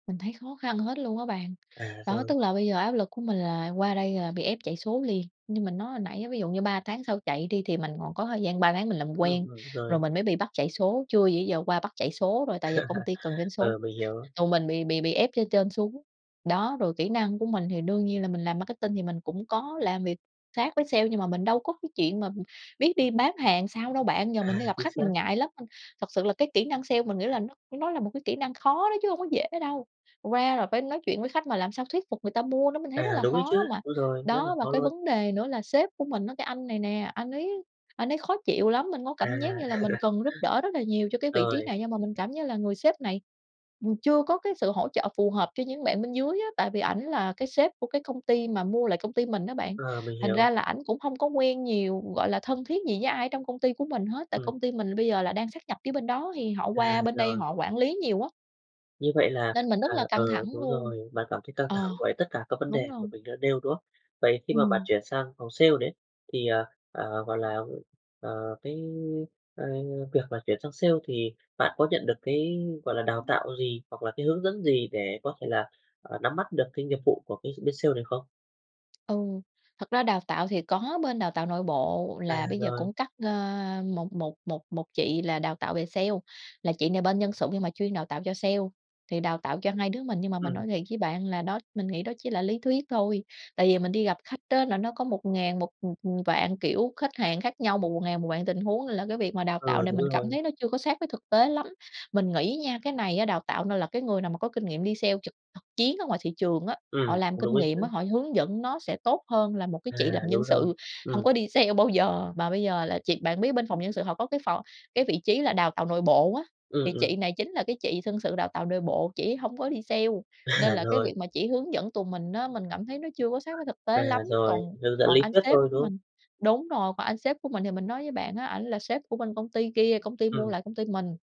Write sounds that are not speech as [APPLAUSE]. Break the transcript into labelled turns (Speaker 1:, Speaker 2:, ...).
Speaker 1: Mình thấy khó khăn hết luôn á bạn.
Speaker 2: À,
Speaker 1: Đó,
Speaker 2: rồi.
Speaker 1: tức là bây giờ áp lực của mình là qua đây là bị ép chạy số liền, như mình nói hồi nãy á ví dụ như 3 tháng sau chạy đi thì mình còn có thời gian 3 tháng mình làm
Speaker 2: Ừm,
Speaker 1: quen,
Speaker 2: ừm,
Speaker 1: rồi
Speaker 2: rồi.
Speaker 1: mình mới bị bắt chạy số, chưa gì ý giờ qua bắt chạy số rồi tại giờ công ty cần doanh
Speaker 2: [CHUCKLES]
Speaker 1: số,
Speaker 2: Ừ, mình hiểu.
Speaker 1: còn mình bị bị bị ép trên trên xuống. Đó, rồi kỹ năng của mình thì đương nhiên là mình làm marketing thì mình cũng có làm việc khác với sale, nhưng mà mình đâu có cái chuyện mà biết đi bán hàng sao đâu bạn, giờ mình
Speaker 2: À,
Speaker 1: đi gặp
Speaker 2: chính
Speaker 1: khách mình
Speaker 2: xác.
Speaker 1: ngại lắm. Ơ, thật sự là cái kỹ năng sale mình nghĩ là nó nó là một cái kỹ năng khó đó chứ hông có dễ đâu, qua là phải nói chuyện với khách mà làm sao thuyết phục người ta mua, nó mình thấy rất
Speaker 2: À,
Speaker 1: là
Speaker 2: đúng đấy chứ,
Speaker 1: khó mà.
Speaker 2: đúng rồi, rất là
Speaker 1: Đó, và
Speaker 2: khó
Speaker 1: cái
Speaker 2: luôn.
Speaker 1: vấn đề nữa là sếp của mình á cái anh này nè, anh ấy anh ấy khó chịu lắm, mình có cảm giác
Speaker 2: À.
Speaker 1: như là mình
Speaker 2: [CHUCKLES]
Speaker 1: cần giúp đỡ rất là nhiều cho cái vị trí
Speaker 2: Rồi.
Speaker 1: này, nhưng mà mình cảm như là người sếp này, ừm, chưa có cái sự hỗ trợ phù hợp cho những bạn bên dưới á, tại vì ảnh là cái sếp của cái công ty mà mua lại công ty mình á bạn.
Speaker 2: Ờ, mình
Speaker 1: Thành ra
Speaker 2: hiểu.
Speaker 1: là ảnh cũng hông có quen nhiều, gọi là, thân thiết gì với ai ở trong công ty của mình hết, tại
Speaker 2: Ừm.
Speaker 1: công ty mình là bây giờ là đang sát nhập phía bên đó thì họ
Speaker 2: À,
Speaker 1: qua bên đây
Speaker 2: rồi.
Speaker 1: họ quản lý nhiều á.
Speaker 2: Như vậy là
Speaker 1: Nên mình rất
Speaker 2: à,
Speaker 1: là căng
Speaker 2: ừ,
Speaker 1: thẳng
Speaker 2: đúng
Speaker 1: luôn.
Speaker 2: rồi, bạn cảm thấy căng
Speaker 1: Ờ,
Speaker 2: thẳng với tất cả các vấn
Speaker 1: đúng
Speaker 2: đề mà
Speaker 1: rồi.
Speaker 2: mình đã nêu, đúng không? Vậy khi mà bạn
Speaker 1: Ừm.
Speaker 2: chuyển sang phòng Sale đấy, thì, ờ, ờ, gọi là, ờ, cái, ơ, việc là chuyển sang sale thì bạn có nhận được cái, gọi là, đào tạo gì hoặc là cái hướng dẫn gì để có thể là, à, nắm bắt được cái nghiệp vụ của cái bên sale này không?
Speaker 1: Ừ. Thật ra đào tạo thì có bên đào tạo nội bộ
Speaker 2: À,
Speaker 1: là bây giờ
Speaker 2: rồi.
Speaker 1: cũng cắt, a, một một một một chị là đào tạo về sale, là chị này bên Nhân sự nhưng mà chuyên đào tạo cho sale, thì đào tạo cho 2 đứa mình. Nhưng mà mình
Speaker 2: Ừm.
Speaker 1: nói thiệt với bạn là, đó mình nghĩ đó chỉ là lý thuyết thôi, tại vì mình đi gặp khách á là nó có một ngàn một, ừm, ừm, vạn kiểu khách hàng khác nhau, một một ngàn một vạn tình huống, là cái việc mà đào tạo
Speaker 2: Ờ,
Speaker 1: này
Speaker 2: đúng
Speaker 1: mình cảm
Speaker 2: rồi.
Speaker 1: thấy nó chưa có sát với thực tế lắm. Mình nghĩ á nha, cái này á đào tạo nên là cái người nào mà có kinh nghiệm đi sale trực thực chiến ở ngoài thị trường á, họ
Speaker 2: Ừm,
Speaker 1: làm
Speaker 2: cũng đúng
Speaker 1: kinh
Speaker 2: ấy
Speaker 1: nghiệm
Speaker 2: chứ.
Speaker 1: á, họ hướng dẫn nó sẽ tốt hơn là một cái
Speaker 2: À,
Speaker 1: chị làm
Speaker 2: đúng
Speaker 1: Nhân
Speaker 2: rồi,
Speaker 1: sự, hông
Speaker 2: ừm.
Speaker 1: có đi sale bao giờ mà bây giờ là chị bạn biết bên phòng Nhân sự họ có cái phò cái vị trí là Đào tạo nội bộ á,
Speaker 2: Ừm,
Speaker 1: thì
Speaker 2: ừm.
Speaker 1: chị này chính là cái chị Nhân sự đào tạo nội bộ, chị ấy hổng có đi sale, nên
Speaker 2: À,
Speaker 1: là cái
Speaker 2: rồi.
Speaker 1: việc mà chỉ hướng dẫn tụi mình á mình cảm thấy nó chưa có sát với thực
Speaker 2: À,
Speaker 1: tế lắm,
Speaker 2: rồi,
Speaker 1: còn
Speaker 2: hướng dẫn
Speaker 1: còn
Speaker 2: lý
Speaker 1: anh
Speaker 2: thuyết
Speaker 1: sếp
Speaker 2: thôi,
Speaker 1: của
Speaker 2: đúng không?
Speaker 1: mình đúng rồi, còn anh sếp của mình thì mình nói với bạn á ảnh là sếp của bên công ty kia công ty mua
Speaker 2: Ừm.
Speaker 1: lại công ty mình.